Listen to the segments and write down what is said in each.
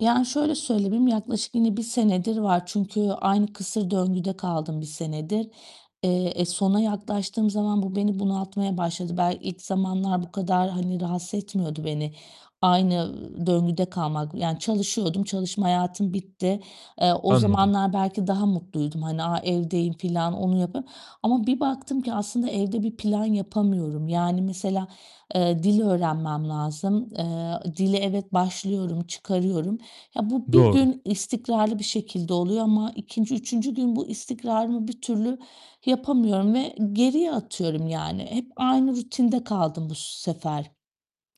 Yani, şöyle söyleyeyim, yaklaşık yine 1 senedir var çünkü aynı kısır döngüde kaldım 1 senedir. Eee, e sona yaklaştığım zaman bu beni bunaltmaya başladı. Bel ilk zamanlar bu kadar, hani, rahatsız etmiyordu beni aynı, ııı, döngüde kalmak. Yani çalışıyordum, çalışma hayatım bitti. Eee, o Anladım. zamanlar belki daha mutluydum. Hani, a evdeyim filan onu yapıyorum ama bir baktım ki aslında evde bir plan yapamıyorum. Yani mesela, eee, dil öğrenmem lazım. Eee, ı dile evet, başlıyorum, çıkarıyorum. Ya, bu 1 Doğru. gün istikrarlı bir şekilde oluyor ama 2'nci, 3'üncü gün bu istikrarımı bir türlü yapamıyorum ve geriye atıyorum yani. Hep aynı rutinde kaldım bu s sefer.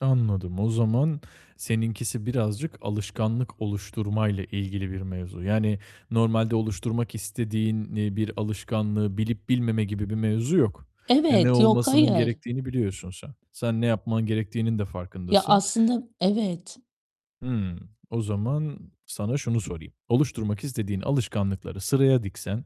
Anladım, o zaman seninkisi birazcık alışkanlık oluşturmayla ilgili bir mevzu. Yani normalde oluşturmak istediğin, iii, bir alışkanlığı bilip bilmeme gibi bir mevzu yok. E, ne Evet. Yok, olmasının hayır. gerektiğini biliyorsun sen. Sen ne yapman gerektiğinin de Ya, farkındasın. aslında Evet. Hımm. O zaman sana şunu sorayım: Oluşturmak istediğin alışkanlıkları sıraya diksen,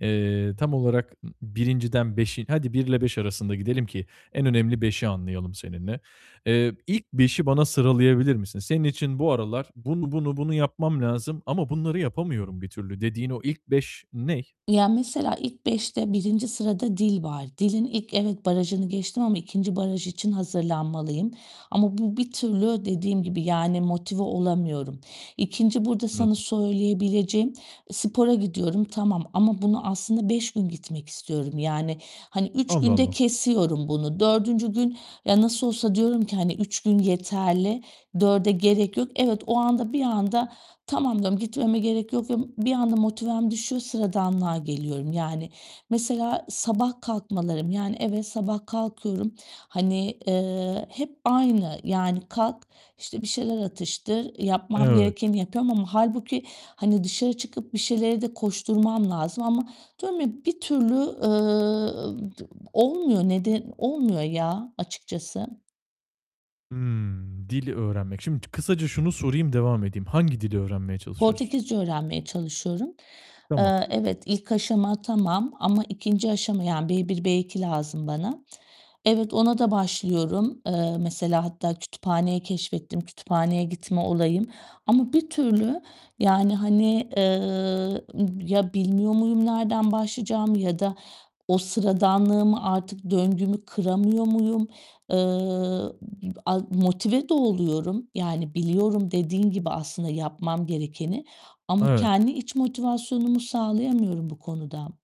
eee, tam olarak ı 1'inciden 5'i hadi, 1 ile 5 arasında gidelim ki en önemli 5'i anlayalım seninle. Eee, ilk 5'i bana sıralayabilir misin? Senin için bu aralar "Bunu, bunu, bunu yapmam lazım ama bunları yapamıyorum bir türlü." dediğin o ilk 5 ney? Ya, mesela, ilk 5'te 1. sırada dil var. Dilin ilk evet, barajını geçtim ama 2. baraj için hazırlanmalıyım ama bu bir türlü dediğim gibi, yani motive olamıyorum. 2. burada sana Anladım. söyleyebileceğim e spora gidiyorum, tamam ama bunu aslında 5 gün gitmek istiyorum. Yani, hani, 3 Allah günde Allah! kesiyorum bunu. 4. gün ya nasıl olsa diyorum ki, hani, 3 gün yeterli, 4'e gerek yok. Evet, o anda bir anda tamam diyorum, gitmeme gerek yok, diyorum. Bir anda motivem düşüyor. Sıradanlığa geliyorum yani. Mesela sabah kalkmalarım, yani, evet, sabah kalkıyorum, hani, eee, hep aynı. Yani kalk, işte, bir şeyler atıştır, yapmam Evet. gerekeni yapıyorum ama hâlbuki, hani, dışarı çıkıp bir şeylere de koşturmam lazım ama diyorum ya bir türlü, eee, t olmuyor. Nede olmuyor ya, açıkçası. Hımm, dili öğrenmek. Şimdi kısaca şunu sorayım, devam edeyim. Hangi dili öğrenmeye çalışıyorsun? Portekizce öğrenmeye çalışıyorum. Tamam. Eee, evet, ilk aşama tamam ama 2. aşama, yani, B1, B2 lazım bana. Evet, ona da başlıyorum. Eee, mesela, hatta kütüphaneyi keşfettim, kütüphaneye gitme olayım ama bir türlü, yani, hani, eee, ım ya bilmiyor muyum nereden başlayacağımı ya da o sıradanlığımı artık döngümü kıramıyor muyum? Eee, ı p a motive de oluyorum. Yani biliyorum dediğin gibi aslında yapmam gerekeni ama Evet. kendi iç motivasyonumu sağlayamıyorum bu konuda.